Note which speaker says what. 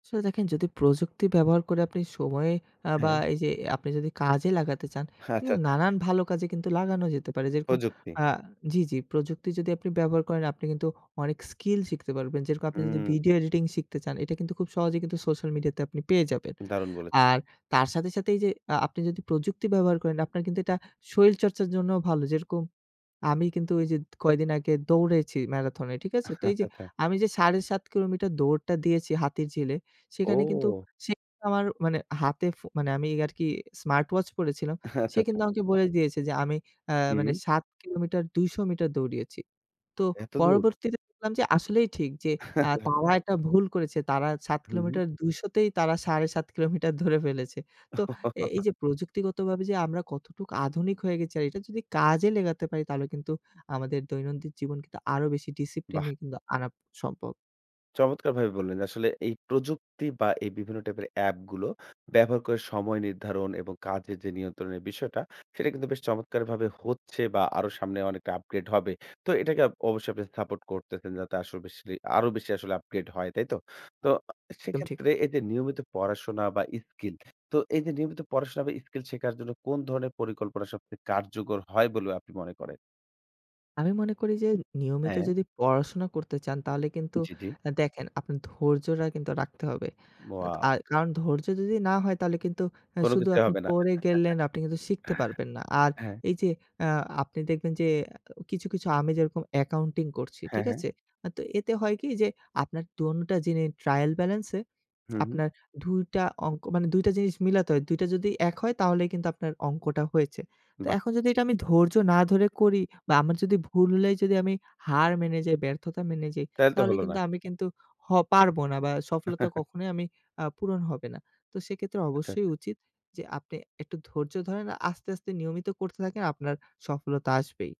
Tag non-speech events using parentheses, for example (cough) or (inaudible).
Speaker 1: আসলে দেখেন যদি প্রযুক্তি ব্যবহার করে আপনি সময়ে অ্যা বা
Speaker 2: হ্যাঁ।
Speaker 1: এই যে আপনি যদি কাজে লাগাতে চান, এটা
Speaker 2: আচ্ছা,
Speaker 1: কিন্তু
Speaker 2: আচ্ছা।
Speaker 1: নানান ভালো কাজে লাগানো যেতে পারে। যেরকম
Speaker 2: প্রযুক্তি।
Speaker 1: আ জি, জি প্রযুক্তি যদি আপনি ব্যবহার করেন, আপনি কিন্তু অনেক স্কিল শিখতে পারবেন। যেরকম আপনি যদি
Speaker 2: হুম।
Speaker 1: ভিডিও এডিটিং শিখতে চান, এটা কিন্তু খুব সহজেই সোশ্যাল মিডিয়াতে আপনি পেয়ে যাবেন।
Speaker 2: দারুণ বলে
Speaker 1: আর তার সাথে, সাথে এই যে আ আপনি যদি প্রযুক্তি ব্যবহার করেন, আপনার কিন্তু এটা শরীরচর্চার জন্য ভালো যেরকম, আমি কিন্তু ওই যে কয়দিন আগে দৌড়েছি ম্যারাথনে, ঠিক আছে। তো
Speaker 2: আচ্ছা,
Speaker 1: এই যে
Speaker 2: আচ্ছা।
Speaker 1: আমি যে ৭.৫ কিলোমিটার দৌড়টা দিয়েছি হাতির ঝিলে, সেখানে কিন্তু
Speaker 2: ও!
Speaker 1: সে আমার হাতে ফো মানে আমি আরকি স্মার্টওয়াচ পড়েছিলাম। সে
Speaker 2: আচ্ছা,
Speaker 1: কিন্তু
Speaker 2: আচ্ছা।
Speaker 1: আমাকে বলে দিয়েছে যে আমি অ্যা মানে
Speaker 2: হুম।
Speaker 1: ৭ কিলোমিটার ২০০ মিটার দৌড়িয়েছি। তো
Speaker 2: এতদূর!
Speaker 1: পরবর্তীতে দেখলাম যে আসলেই ঠিক যে, আ
Speaker 2: (chuckles)
Speaker 1: তারা একটা ভুল করেছে তারা ৭
Speaker 2: হুম, হুম।
Speaker 1: কিলোমিটার ২০০ তেই তারা ৭.৫ কিলোমিটার ধরে ফেলেছে। তো এই, এই
Speaker 2: (chuckles)
Speaker 1: যে প্রযুক্তিগতভাবে যে আমরা কতটুকু আধুনিক হয়ে গেছি আর এটা যদি কাজে লেগাতে পারি তাহলে কিন্তু আমাদের দৈনন্দিন জীবন কিন্তু আরো বেশি ডিসিপ্লিনে
Speaker 2: বাহ!
Speaker 1: কিন্তু আনা সম্ভব।
Speaker 2: চমৎকারভাবে বললেন। আসলে এই প্রযুক্তি বা এই বিভিন্ন টাইপের অ্যাপগুলো ব্যবহার করে সময় নির্ধারণ এবং কাজের যে নিয়ন্ত্রণের বিষয়টা সেটা কিন্তু বেশ চমৎকারভাবে হচ্ছে বা আরো সামনে অনেকটা আপগ্রেড হবে। তো এটাকে অবশ্যই আপনি সাপোর্ট করতেছেন আসর বেসিলি যাতে আরো বেশি আসলে আপগ্রেড হয়, তাই তো? তো
Speaker 1: একদম ঠিক।
Speaker 2: সেক্ষেত্রে এই যে, নিয়মিত পড়াশোনা বা স্কিল তো এই যে নিয়মিত পড়াশোনা বা স্কিল শেখার জন্য কোন ধরনের পরিকল্পনা সবচেয়ে কার্যকর হয় বলে আপনি মনে করেন?
Speaker 1: আমি মনে করি যে নিয়মিত
Speaker 2: হ্যাঁ।
Speaker 1: যদি পড়াশোনা করতে চান তাহলে কিন্তু
Speaker 2: জ্বি, জ্বি।
Speaker 1: দেখেন আপনার ধৈর্যটা কিন্তু রাখতে হবে।
Speaker 2: wow.
Speaker 1: আ কারণ ধৈর্য যদি না হয় তাহলে কিন্তু
Speaker 2: কোনো
Speaker 1: শুধু
Speaker 2: কিছুই
Speaker 1: আপনি
Speaker 2: হবে না।
Speaker 1: পড়ে গেলেন আপনি কিন্তু শিখতে পারবেন না।
Speaker 2: (chuckles)
Speaker 1: আর
Speaker 2: হ্যাঁ।
Speaker 1: এই যে আ আপনি দেখবেন যে কিছু, কিছু আমি যেরকম অ্যাকাউন্টিং করছি,
Speaker 2: হ্যাঁ,
Speaker 1: ঠিক
Speaker 2: হ্যাঁ।
Speaker 1: আছে। আ তো এতে হয় কি যে, আপনারটা দোনোটা জিনি ট্রায়াল ব্যালান্সে
Speaker 2: হুম, হুম।
Speaker 1: আপনার (tsk) ২ টা অংক, মানে ২ টা জিনিস মিলাতে হয়। ২ টা যদি এক হয় তাহলে কিন্তু আপনার অঙ্কটা হয়েছে। তো
Speaker 2: বাহ!
Speaker 1: এখন যদি আমি ধৈর্য না ধরে করি বা আমার যদি ভুল হলেই যদি আমি হার মেনে যাই, ব্যর্থতা মেনে যাই,
Speaker 2: তাইলে তো
Speaker 1: তাহলে
Speaker 2: হলো না।
Speaker 1: কিন্তু আমি কিন্তু হ পারব না বা সফলতা
Speaker 2: (chuckles)
Speaker 1: কখনোই আ পূরণ হবে না। তো সেক্ষেত্রে
Speaker 2: আচ্ছা,
Speaker 1: অবশ্যই
Speaker 2: আচ্ছা।
Speaker 1: উচিত যে, আপনি একটু ধৈর্য ধরেন আস্তে, আস্তে নিয়মিত করতে থাকেন আপনার, সফলতা আসবেই।